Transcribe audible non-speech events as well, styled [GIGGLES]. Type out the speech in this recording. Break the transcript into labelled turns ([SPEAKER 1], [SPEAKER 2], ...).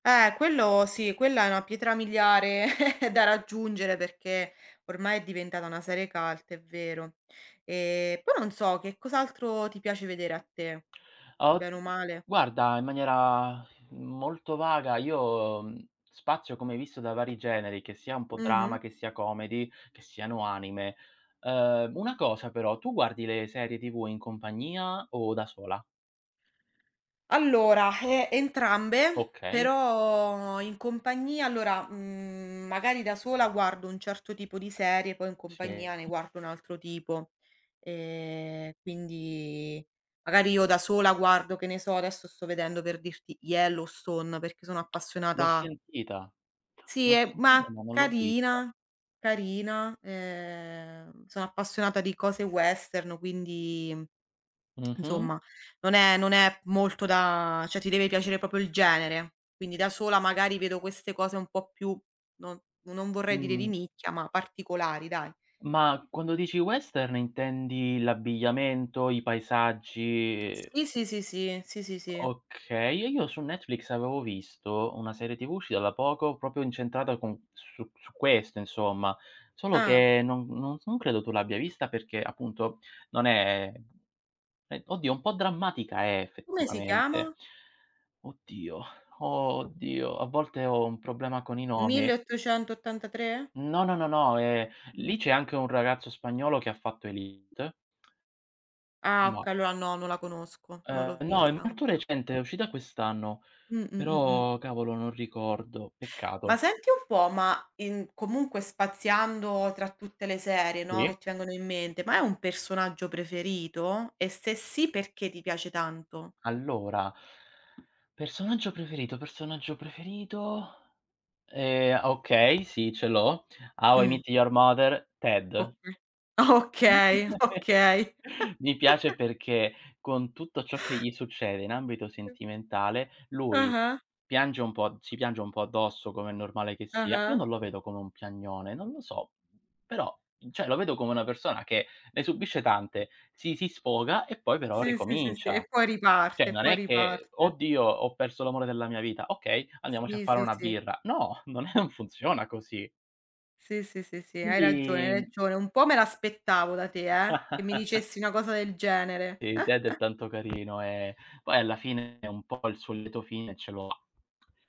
[SPEAKER 1] Eh, quello sì, quella è una pietra miliare [CHUCKLES] da raggiungere perché, ormai è diventata una serie cult, è vero. Ehm, poi non so, che cos'altro ti piace vedere a te?
[SPEAKER 2] Ah, od
[SPEAKER 1] Bene o male.
[SPEAKER 2] guarda in maniera molto vaga io, mhmm, spazio come hai visto da vari generi, che sia un po' drama,
[SPEAKER 1] Mh-mh.
[SPEAKER 2] che sia comedy, che siano anime. Ehm, una cosa però: tu guardi le serie TV in compagnia o da sola?
[SPEAKER 1] Allora, ehm, entrambe,
[SPEAKER 2] Okay.
[SPEAKER 1] però in compagnia allora, mhmm, magari da sola guardo un certo tipo di serie, poi in
[SPEAKER 2] Sì.
[SPEAKER 1] compagnia ne guardo un altro tipo. Ehm, quindi magari io da sola guardo, che ne so, adesso sto vedendo per dirti, "Yellowstone" perché sono
[SPEAKER 2] L'ho
[SPEAKER 1] appassionata
[SPEAKER 2] sentita,
[SPEAKER 1] Sì,
[SPEAKER 2] l'ho
[SPEAKER 1] è
[SPEAKER 2] sentita
[SPEAKER 1] mah,
[SPEAKER 2] ma non l'ho vista.
[SPEAKER 1] carina, carina. Ehm, sono appassionata di cose western, quindi, [SMACKS LIPS]
[SPEAKER 2] Mh-mh.
[SPEAKER 1] insomma non è non è molto da cioè ti deve piacere proprio il genere. Quindi da sola magari vedo queste cose un po' più no non vorrei dire di
[SPEAKER 2] Mh-mh.
[SPEAKER 1] nicchia, ma particolari dai.
[SPEAKER 2] Ma quando dici western intendi l'abbigliamento, i paesaggi? Ehm
[SPEAKER 1] Sì, sì, sì, sì, sì, sì, sì.
[SPEAKER 2] Okay, e io su Netflix avevo visto una serie TV uscita da poco, proprio incentrata con su su questo insomma. Solo
[SPEAKER 1] Ah.
[SPEAKER 2] che non non, s non credo tu l'abbia vista perché appunto non è eh, oddio, un po' drammatica è
[SPEAKER 1] Come si
[SPEAKER 2] effettivamente.
[SPEAKER 1] chiama?
[SPEAKER 2] Oddio, oddio, a volte ho un problema con i
[SPEAKER 1] mille
[SPEAKER 2] nomi.
[SPEAKER 1] e ottocento ottanta tre?
[SPEAKER 2] No, no, no, no, ehm, lì
[SPEAKER 1] Mh.
[SPEAKER 2] c'è anche un ragazzo spagnolo che ha fatto Élite.
[SPEAKER 1] Ah,
[SPEAKER 2] Mah.
[SPEAKER 1] okay, allora no, non la conosco, non l'ho
[SPEAKER 2] Ehm, no, è
[SPEAKER 1] vista
[SPEAKER 2] molto
[SPEAKER 1] ancora.
[SPEAKER 2] recente, è uscita quest'anno.
[SPEAKER 1] Mh, mh, mh, mh.
[SPEAKER 2] Però cavolo non ricordo.
[SPEAKER 1] Ma
[SPEAKER 2] Peccato.
[SPEAKER 1] senti un po', ma in comunque spaziando tra tutte le serie, no,
[SPEAKER 2] Sì.
[SPEAKER 1] che ti vengono in mente, ma hai un personaggio preferito? E se sì, perché ti piace tanto?
[SPEAKER 2] Allora, personaggio preferito, personaggio preferito? Ehm, ah okay, sì, ce l'ho. "How I
[SPEAKER 1] Mh.
[SPEAKER 2] Met Your Mother", Ted.
[SPEAKER 1] Oka okay,
[SPEAKER 2] [CHUCKLES]
[SPEAKER 1] okay.
[SPEAKER 2] Mi piace
[SPEAKER 1] [CHUCKLES]
[SPEAKER 2] perché con tutto ciò che gli succede in ambito sentimentale, lui
[SPEAKER 1] Ah-ah.
[SPEAKER 2] piange un po' si piange un po' addosso, come è normale che sia. Io
[SPEAKER 1] Ah-ah.
[SPEAKER 2] non lo vedo come un piagnone, non lo so. Però, mhmm, cioè lo vedo come una persona che ne subisce tante, si si sfoga e poi però
[SPEAKER 1] Sì, sì, sì, sì. E
[SPEAKER 2] ricomincia.
[SPEAKER 1] poi
[SPEAKER 2] Cioè
[SPEAKER 1] riparte, e
[SPEAKER 2] non
[SPEAKER 1] poi
[SPEAKER 2] è che:
[SPEAKER 1] riparte.
[SPEAKER 2] "Oddio, ho perso l'amore della mia vita". Okay, andiamoci a
[SPEAKER 1] Sì,
[SPEAKER 2] fare
[SPEAKER 1] sì,
[SPEAKER 2] una
[SPEAKER 1] sì.
[SPEAKER 2] birra. No, [CHUCKLES] non è non funziona così.
[SPEAKER 1] Sì, sì, sì, sì hai ragione, hai
[SPEAKER 2] Quindi
[SPEAKER 1] ragione. Un po' me l'aspettavo da te, eh, che mi
[SPEAKER 2] [GIGGLES]
[SPEAKER 1] dicessi una cosa del genere.
[SPEAKER 2] Sì, Ted è
[SPEAKER 1] [CHUCKLES]
[SPEAKER 2] tanto carino, ehm, poi alla fine un po' il suo lieto fine ce l'ho